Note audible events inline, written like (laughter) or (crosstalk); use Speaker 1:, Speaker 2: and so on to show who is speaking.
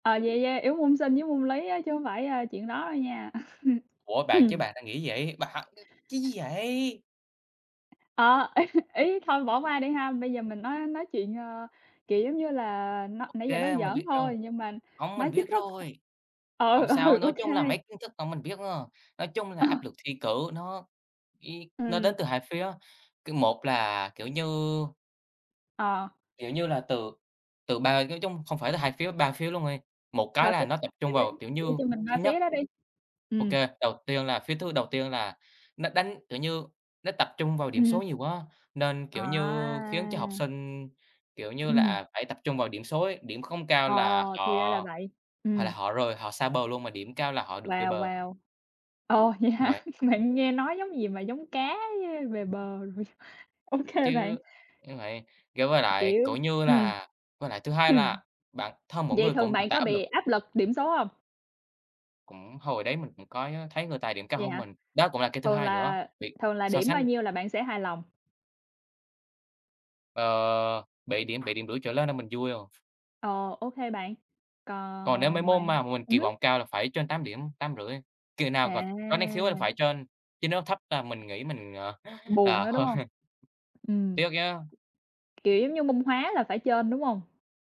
Speaker 1: Ờ, vậy, yeah, yếu môn Sinh với môn Lý á chứ không phải, ơ, chuyện đó đâu nha.
Speaker 2: Ủa bạn, chứ
Speaker 1: (laughs) (clears throat)
Speaker 2: bạn đang nghĩ vậy, bạn cái gì vậy?
Speaker 1: Ờ, ý ý thôi, bỏ qua đi ha, bây giờ mình nói nói nói chuyện, ơ, kiểu, giống như là, nó
Speaker 2: OK,
Speaker 1: nãy giờ nói
Speaker 2: mình
Speaker 1: giỡn
Speaker 2: biết rồi.
Speaker 1: thôi nhưng mà
Speaker 2: Không, mình
Speaker 1: nói chính
Speaker 2: biết
Speaker 1: thức
Speaker 2: rồi.
Speaker 1: ừ,
Speaker 2: Hổng
Speaker 1: ừ,
Speaker 2: sao, nói chung là mấy
Speaker 1: OK.
Speaker 2: kiến thức vẫn mình biết à. Nói chung là
Speaker 1: Ờ.
Speaker 2: áp lực thi cử nó ý nó đến
Speaker 1: Ừm.
Speaker 2: từ 2 phía, cứ một là, kiểu như
Speaker 1: Ờ.
Speaker 2: kiểu như là, từ từ ba nói chung không phải là 2 phía, 3 phía luôn đi, một cái
Speaker 1: Và
Speaker 2: là
Speaker 1: phía
Speaker 2: nó tập
Speaker 1: thì
Speaker 2: trung
Speaker 1: ý
Speaker 2: vào, kiểu
Speaker 1: thì nói
Speaker 2: như,
Speaker 1: chung mình
Speaker 2: thứ
Speaker 1: qua
Speaker 2: nhất
Speaker 1: phía đó đi.
Speaker 2: OK,
Speaker 1: Ừm.
Speaker 2: đầu tiên là phía thứ đầu tiên là nó đánh, kiểu như, nó tập trung vào điểm
Speaker 1: Ừm hưm.
Speaker 2: số nhiều quá nên, kiểu như, khiến cho học
Speaker 1: À!
Speaker 2: sinh, kiểu như là,
Speaker 1: Ừm.
Speaker 2: à, phải tập trung vào điểm số ấy, điểm không cao
Speaker 1: Ờ,
Speaker 2: là
Speaker 1: thì ra
Speaker 2: họ,
Speaker 1: là vậy!
Speaker 2: hoặc là
Speaker 1: Ừm.
Speaker 2: họ rời, họ xa bờ luôn, mà điểm cao là họ được về
Speaker 1: Wow,
Speaker 2: bờ.
Speaker 1: Wow! Ồ, vậy
Speaker 2: Đúng
Speaker 1: hả?
Speaker 2: vậy.
Speaker 1: (laughs) Bạn nghe nói giống gì mà giống cá với về bờ rồi. OK bạn.
Speaker 2: Chứ (unintelligible) vậy, kiểu, với lại,
Speaker 1: Kiểu
Speaker 2: kiểu như
Speaker 1: ừm.
Speaker 2: là, với lại thứ hai
Speaker 1: Ừm.
Speaker 2: là bản thân mỗi
Speaker 1: Vậy
Speaker 2: người
Speaker 1: thường
Speaker 2: cũng tự
Speaker 1: bạn
Speaker 2: tạo
Speaker 1: có
Speaker 2: áp
Speaker 1: bị
Speaker 2: lực.
Speaker 1: áp lực điểm số hông?
Speaker 2: Cũng hồi đấy mình cũng có, ơ, thấy người ta điểm cao
Speaker 1: Vậy
Speaker 2: hơn
Speaker 1: hả?
Speaker 2: mình, đó cũng là cái thứ
Speaker 1: Thường
Speaker 2: hai nữa,
Speaker 1: là
Speaker 2: bị
Speaker 1: thường là
Speaker 2: so
Speaker 1: điểm bao
Speaker 2: sánh.
Speaker 1: nhiêu là bạn sẽ hài lòng?
Speaker 2: Ờ, 7 điểm, 7 điểm rưỡi trở lên là mình vui rồi.
Speaker 1: Ồ, OK bạn!
Speaker 2: Còn nếu mấy
Speaker 1: Còn ngoài
Speaker 2: môn mào mà mình
Speaker 1: ừm
Speaker 2: kỳ
Speaker 1: hứm.
Speaker 2: vọng cao là phải trên 8 điểm, 8.5, kỳ nào mà có năng khiếu á là
Speaker 1: À!
Speaker 2: phải trên chứ nếu thấp là mình nghĩ mình, ờ,
Speaker 1: Buồn
Speaker 2: ờ,
Speaker 1: á, đúng hông?
Speaker 2: hơi
Speaker 1: Ừm.
Speaker 2: Tiếc chứ.
Speaker 1: Kiểu, giống như môn Hóa là phải trên, đúng hông?